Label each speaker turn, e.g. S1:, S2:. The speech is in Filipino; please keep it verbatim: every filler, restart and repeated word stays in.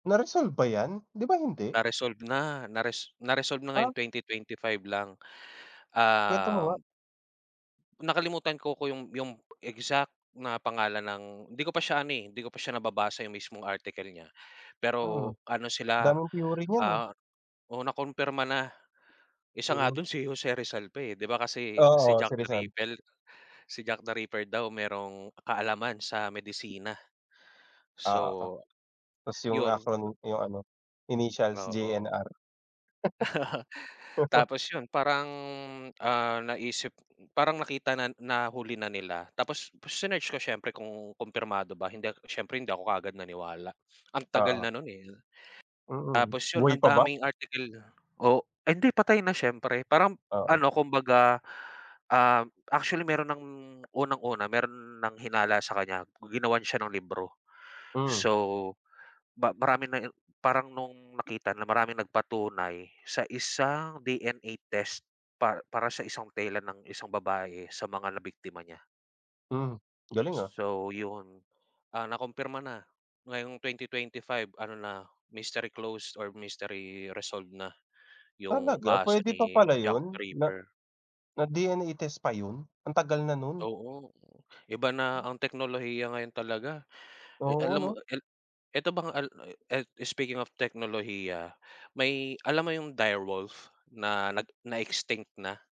S1: Na resolve ba yan, di ba, hindi?
S2: Na-resolve na, na res na-resolve na
S1: Ah.
S2: ngayong twenty twenty five lang,
S1: Kwento mo nga.
S2: um Nakalimutan ko ko yung yung exact na pangalan ng hindi ko pa siya ano, eh, hindi ko pa siya nababasa yung mismong article niya,
S1: Mm,
S2: pero ano sila,
S1: daming theory niyan, eh.
S2: ah oo na kumpirma na, isa nga
S1: Mm.
S2: dun si Jose Rizal pa, eh, 'di ba, kasi si
S1: Oo,
S2: Jack
S1: si
S2: the
S1: Rizal.
S2: Rippel si Jack the Ripper daw merong kaalaman sa medisina,
S1: Oo,
S2: so,
S1: tas yung
S2: 'yun.
S1: acronym yung ano, initials
S2: Oo.
S1: J-N-R.
S2: Tapos yun parang, ah, naisip, parang nakita na na huli na nila tapos sinearch ko siyempre kung kumpirmado ba hindi siyempre hindi ako kaagad naniwala ang tagal
S1: Oo.
S2: na nun, eh.
S1: Mm,
S2: Tapos yun
S1: buhay
S2: ang
S1: pa ba?
S2: daming article Oh, ah, hindi patay na siyempre parang
S1: Oo.
S2: ano, kumbaga, um, actually meron ng unang-una meron ng hinala sa kanya ginawan siya ng libro,
S1: Mm.
S2: so, ba marami nang parang nung nakita na maraming nagpatunay sa isang D-N-A test pa para sa isang tela ng isang babae sa mga nabiktima niya.
S1: Mm, galing, ah.
S2: So, yun, ah, nakumpirma na ngayong twenty twenty five ano na, mystery closed or mystery resolved na yung
S1: Talaga
S2: kaso
S1: pwede pa
S2: ni
S1: pala
S2: Jack
S1: yun na
S2: Ripper.
S1: na D-N-A test pa yun, ang tagal na nun?
S2: Oo, iba na ang teknolohiya ngayon talaga, eh,
S1: Oo
S2: alam mo
S1: 'no.
S2: el eto bang al el speaking of teknolohiya, may alam mo yung direwolf na nag na-extinct na?